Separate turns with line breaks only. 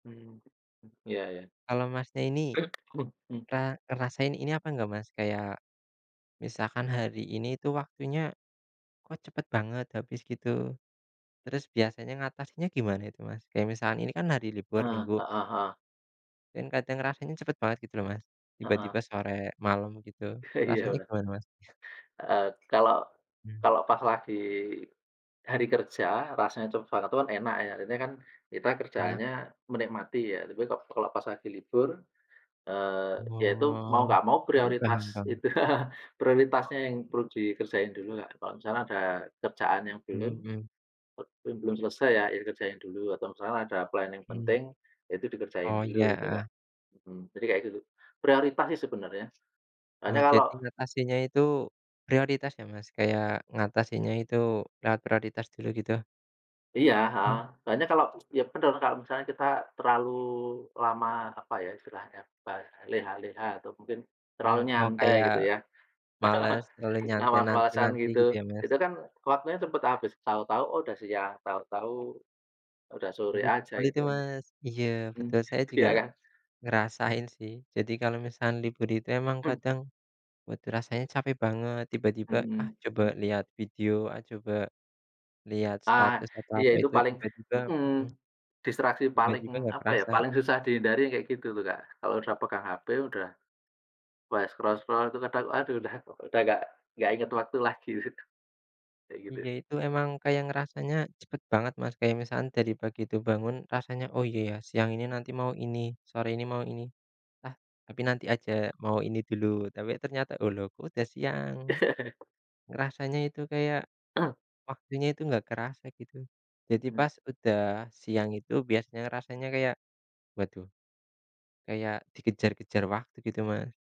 Hmm, iya iya.
Kalau Masnya ini
[unintelligible] Mmm.
pernah ngerasain ini apa enggak, Mas, kayak misalkan hari ini itu waktunya kok cepat banget habis gitu. Terus biasanya ngatasinya gimana itu, Mas? Kayak misalkan ini kan hari libur
Eee,
Minggu
heeh heeh.
dan kadang rasanya cepat banget gitu loh, Mas.
Heeh.
Tiba-tiba sore malam gitu
Iya,
rasanya
bener.
gimana, Mas?
Eee, kalau
Mmm.
kalau pas lagi hari kerja rasanya [unintelligible] tuh kan enak ya. Jadinya kan kita
Nga
kerjaannya menikmati ya. Tapi kalau kalau pas lagi libur, eee, ya itu mau
Oh.
nggak mau
Iya paham
prioritas
paham.
itu prioritasnya yang perlu dikerjain dulu, Kak. Kalau misalnya ada kerjaan yang belum
Mmm Mmm.
yang belum selesai ya, ya dikerjain dulu atau misalnya ada plan yang
Hmm.
penting ya itu dikerjain
Oh,
dulu gitu, Kak.
iya.
Mmm, jadi kayak gitu. Prioritas sih sebenarnya,
Oh,
soalnya kalau
jadi ngatasinya itu prioritas ya, Mas, kayak ngatasinya itu lewat prioritas dulu gitu?
Iya, heeh.
Iya.
Soalnya kalau ya bener kalau misalnya kita terlalu lama apa ya, istilahnya leha-leha, atau mungkin
Mmm.
terlalu
Oh,
nyantai
kayak
gitu ya.
malas terlalu nyantai
Ngawas-wasan
nanti-nanti
gitu,
gitu ya, Mas?
itu kan waktunya cepet habis. Tahu-tahu, "Oh, udah siang," tahu-tahu udah sore
Iya
aja
betul
gitu
itu,
kan.
Mas. Iya
Hmm,
betul, saya juga
ya kan.
ngerasain sih. Jadi kalau misalkan libur itu emang
Mmm.
kadang badan rasanya capek banget tiba-tiba, "Ah,
Mhm,
coba
mmm.
lihat video ah, coba lihat
Ah,
status," atau
iya
apa
itu
itu
paling
tiba-tiba,
hmm,
hmm.
distraksi paling
Tiba-tiba nggak
apa ya,
kerasa.
paling susah dihindari kayak gitu tuh, Kak. Kalau udah pegang HP udah mulai scroll-scroll itu kadang aduh udah udah nggak nggak inget waktu lagi itu, kayak gitu.
Iya, itu emang kayak ngerasanya cepat banget, Mas, kayak misalkan dari pagi tuh bangun rasanya, "Oh, iya, ya siang ini nanti mau ini, sore ini mau ini, ah tapi nanti aja mau ini dulu," tapi ternyata, "Oh, loh kok udah siang?" Ngerasanya itu kayak
Mmm.
waktunya itu nggak kerasa gitu. Jadi
Mhm.
pas udah siang itu biasanya rasanya kayak, waduh kayak dikejar-kejar waktu gitu, Mas.